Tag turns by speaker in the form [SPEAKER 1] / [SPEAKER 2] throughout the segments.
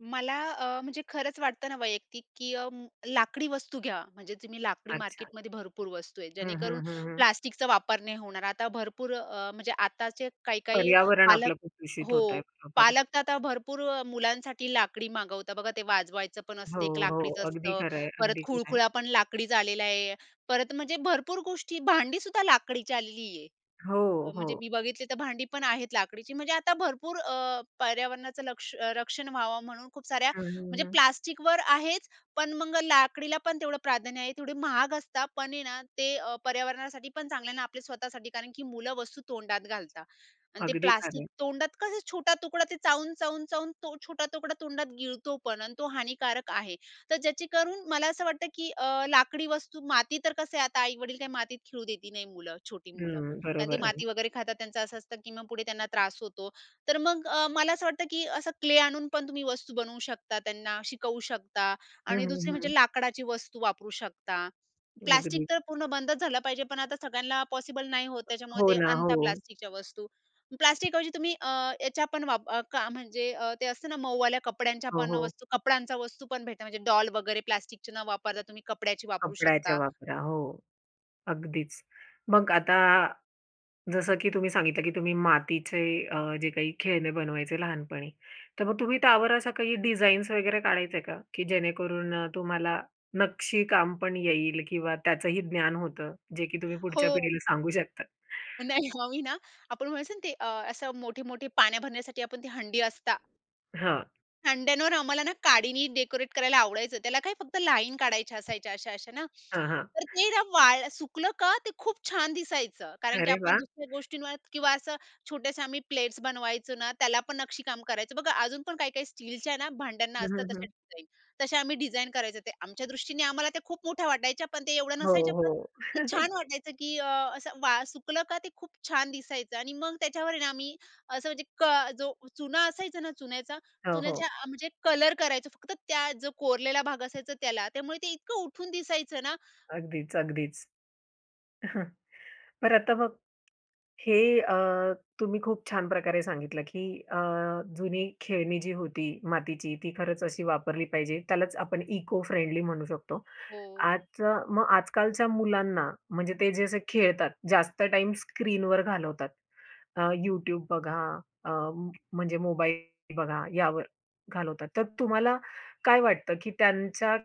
[SPEAKER 1] मला अ, म्हणजे खरंच वाटतं ना वैयक्तिक की अ, लाकडी वस्तू घ्या म्हणजे तुम्ही लाकडी
[SPEAKER 2] अच्छा.
[SPEAKER 1] मार्केटमध्ये भरपूर वस्तू आहेत
[SPEAKER 2] हं,
[SPEAKER 1] जेणेकरून
[SPEAKER 2] हं, हं, हं.
[SPEAKER 1] प्लास्टिकचा वापर नाही होणार, आता भरपूर अ, म्हणजे आताचे काही-काही
[SPEAKER 2] पर्यावरण
[SPEAKER 1] पालक
[SPEAKER 2] आपलं प्रदूषित
[SPEAKER 1] हो,
[SPEAKER 2] होतंय. बरोबर.
[SPEAKER 1] पालक तर आता भरपूर अ, मुलांसाठी लाकडी मागवतात, बघा ते वाजवायचं पण
[SPEAKER 2] हो,
[SPEAKER 1] असते एक
[SPEAKER 2] हो.
[SPEAKER 1] लाकडीच
[SPEAKER 2] अगदी
[SPEAKER 1] असतं.
[SPEAKER 2] खरं आहे,
[SPEAKER 1] परत
[SPEAKER 2] अगदी खरं आहे.
[SPEAKER 1] खुळखुळा पण लाकडीच आलेला आहे. परत म्हणजे भरपूर गोष्टी, भांडी सुद्धा लाकडीची आलेली आहे.
[SPEAKER 2] हो,
[SPEAKER 1] म्हणजे
[SPEAKER 2] हो.
[SPEAKER 1] मी बघितली तर भांडी पण आहेत लाकडीची म्हणजे आता भरपूर अ, पर्यावरणाचं लक्ष रक्षण व्हावं म्हणून खूप साऱ्या
[SPEAKER 2] हं, हं,
[SPEAKER 1] म्हणजे
[SPEAKER 2] हं.
[SPEAKER 1] प्लास्टिकवर आहेच, पण मग लाकडीला पण तेवढं प्राधान्य आहे, तेवढे महाग असतात पण आहे ना ते अ, पर्यावरणासाठी पण चांगलं आहे ना, आपल्या स्वतःसाठी कारण की मुलं वस्तू तोंडात घालतात आणि ते
[SPEAKER 2] अगदी खरं
[SPEAKER 1] प्लास्टिक
[SPEAKER 2] आहे.
[SPEAKER 1] तोंडात कसं छोटा तुकडा ते चावून, चावून, चावून तो छोटा तुकडा तोंडात गिळतो पण आणि तो हानिकारक आहे. तर ज्याची करून मला असं वाटतं, की अ, लाकडी वस्तू माती तर कसं आहे आता आई-वडील काही मातीत खेळू देत नाही मुलं, छोटी मुलं
[SPEAKER 2] हं,
[SPEAKER 1] आणि ते
[SPEAKER 2] बरोबर आहे.
[SPEAKER 1] माती वगैरे खातात त्यांचं असं असतं, की मग पुढे त्यांना त्रास होतो. तर मग अ, मला असं वाटतं, की असं क्ले आणून पण तुम्ही वस्तू बनवू शकता. त्यांना शिकवू शकता
[SPEAKER 2] हं,
[SPEAKER 1] आणि दुसरी
[SPEAKER 2] हं,
[SPEAKER 1] म्हणजे
[SPEAKER 2] हं.
[SPEAKER 1] लाकडाची वस्तू वापरू शकता. प्लास्टिक
[SPEAKER 2] अगदी.
[SPEAKER 1] तर पूर्ण बंदच झालं पाहिजे पण आता सगळ्यांना पॉसिबल नाही होत, त्याच्यामुळे
[SPEAKER 2] हो
[SPEAKER 1] ते
[SPEAKER 2] ना.
[SPEAKER 1] आणता
[SPEAKER 2] हो.
[SPEAKER 1] प्लास्टिकच्या वस्तू. प्लास्टिक ऐवजी तुम्ही अ, याच्या पण वाप का म्हणजे अ, ते असते ना मऊवाल्या कपड्यांच्या
[SPEAKER 2] हो,
[SPEAKER 1] पण
[SPEAKER 2] हो.
[SPEAKER 1] वस्तू कपड्यांचा वस्तू पण भेटते, म्हणजे डॉल वगैरे प्लास्टिकचे न वापरता तुम्ही कपड्याची वापरू
[SPEAKER 2] कपड्याच्या
[SPEAKER 1] शकता.
[SPEAKER 2] वापरा, हो. अगदीच. मग आता जसं की तुम्ही सांगितलं की तुम्ही मातीचे अ, जे काही खेळणे बनवायचे लहानपणी. तर मग तुम्ही त्यावर अशा काही डिझाईन्स वगैरे काढायचंय का? की जेणेकरून अ, तुम्हाला नक्षीकाम पण येईल किंवा त्याचंही ज्ञान होतं, जे की तुम्ही पुढच्या
[SPEAKER 1] हो.
[SPEAKER 2] पिढीला सांगू शकता?
[SPEAKER 1] नाही आम्ही ना आपण म्हणायचो ना ते अ, असं मोठी-मोठी पाण्या भरण्यासाठी आपण ती हंडी असतात.
[SPEAKER 2] हां.
[SPEAKER 1] हंड्यांवर आम्हाला ना, काडीनी डेकोरेट करायला आवडायचं. त्याला काय फक्त लाईन काढायच्या असायच्या अशा-अशा ना.
[SPEAKER 2] हां, हां.
[SPEAKER 1] तर ते ना वाळ सुकलं का ते खूप छान दिसायचं, कारण की
[SPEAKER 2] अरे
[SPEAKER 1] आपण
[SPEAKER 2] वाह!
[SPEAKER 1] दुसऱ्या गोष्टींवर किंवा असं छोट्याशा आम्ही प्लेट्स बनवायचो ना, त्याला पण नक्षीकाम करायचं बघा, अजून पण काही-काही स्टीलच्या ना भांड्यांना
[SPEAKER 2] हं,
[SPEAKER 1] असतात
[SPEAKER 2] हं,
[SPEAKER 1] तसे
[SPEAKER 2] हं.
[SPEAKER 1] डिझाईन. तसे आम्ही डिझाइन करायचं ते. आमच्या दृष्टीने आम्हाला त्या खूप मोठ्या वाटायच्या, पण ते एवढं
[SPEAKER 2] हो,
[SPEAKER 1] नसायचं पण
[SPEAKER 2] हो.
[SPEAKER 1] ते छान वाटायचं, की अ, असं वा सुकलं का ते खूप छान दिसायचं आणि मग त्याच्यावर आहे ना आम्ही, असं म्हणजे क जो चुना असायचं ना चुन्याचा
[SPEAKER 2] हो, हो.
[SPEAKER 1] चुन्याच्या अ, म्हणजे कलर करायचं फक्त त्या जो कोरलेला भाग असायचा त्याला, त्यामुळे ते इतकं उठून दिसायचं ना.
[SPEAKER 2] अगदीच. अगदीच. बरं आता बघ हे अ, तुम्ही खूप छान प्रकारे सांगितलं की अ, जुनी खेळणी जी होती मातीची, ती खरंच अशी वापरली पाहिजे. त्यालाच आपण इको फ्रेंडली म्हणू शकतो.
[SPEAKER 1] हो.
[SPEAKER 2] आजच्या, मग आजकालच्या मुलांना म्हणजे ते जे असे खेळतात जास्त टाईम स्क्रीनवर घालवतात. अ, YouTube बघा, अ म्हणजे मोबाईल बघा, यावर घालवतात. तर तुम्हाला काय वाटतं, की त्यांच्या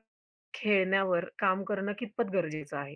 [SPEAKER 2] खेळण्यावर काम करणं कितपत गरजेचं आहे?